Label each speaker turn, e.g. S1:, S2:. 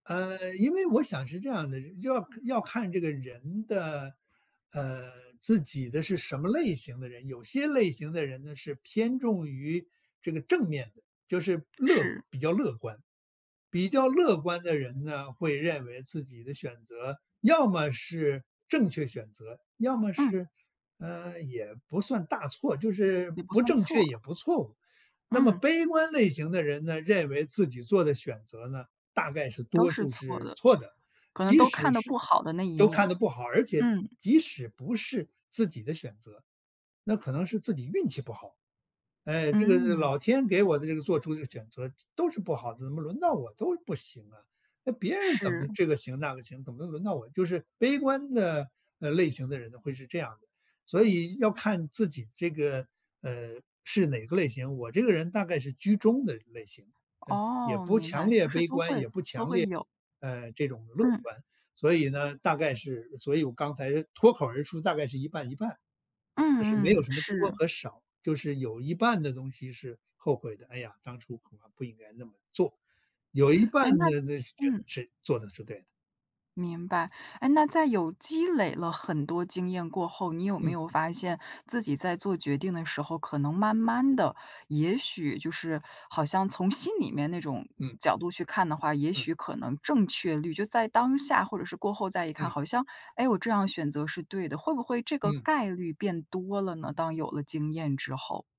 S1: 呃，因为我想是这样的，要要看这个人的呃，自己的是什么类型的人。有些类型的人呢，是偏重于，这个正面的，就是乐
S2: 是。
S1: 比较乐观。比较乐观的人呢，会认为自己的选择要么是正确选择，要么
S2: 嗯。
S1: 是呃，也不算大错，就是
S2: 也不
S1: 不
S2: 算
S1: 正确
S2: 错。
S1: 也不错误。那么
S2: 嗯。
S1: 悲观类型的人呢，认为自己做的选择呢，大概是
S2: 都
S1: 多
S2: 是
S1: 数
S2: 错
S1: 是
S2: 的，
S1: 错的。
S2: 可能
S1: 即
S2: 都
S1: 使
S2: 看的
S1: 是
S2: 不好的那一
S1: 都看
S2: 面，
S1: 得不好，而且
S2: 嗯。
S1: 即使不是自己的选择，那可能是自己运气不好：“唉，这个
S2: 嗯。
S1: 老天给我的这个做出的选择都是不好的，怎么轮到我都不行啊，那别人怎么
S2: 是。
S1: 这个行那个行，怎么轮到我”就是悲观的，呃，类型的人呢，会是这样的。所以要看自己这个，呃，是哪个类型。我这个人大概是居中的类型，那，也
S2: 哦，
S1: 不
S2: 明
S1: 强
S2: 白，
S1: 烈
S2: 就是
S1: 悲
S2: 都
S1: 观，
S2: 会
S1: 也不
S2: 都
S1: 强
S2: 会
S1: 烈
S2: 有。
S1: 呃，这种乐
S2: 嗯。
S1: 观。所以呢，大概是所以我刚才脱口而出，大概是一半一半。就是没
S2: 嗯嗯，
S1: 有什么多
S2: 是。
S1: 和少，就是有一半的东西是后悔的：“哎呀，当初恐怕不应该那么做。”有一半
S2: 诶，那
S1: 的那是觉
S2: 嗯。
S1: 得是做得是对的。
S2: 明白。诶，那在有积累了很多经验过后，你有没
S1: 嗯。
S2: 有发现自己在做决定的时候，可能慢慢地，也许就是好像从心里面那种
S1: 嗯。
S2: 角度去看的话，也
S1: 嗯。
S2: 许可能正确率就在当下或者是过后再一看，
S1: 嗯。
S2: 好像“诶，我这样选择是对的”，会不会这个
S1: 嗯。
S2: 概率变多了呢，当有了经验之后？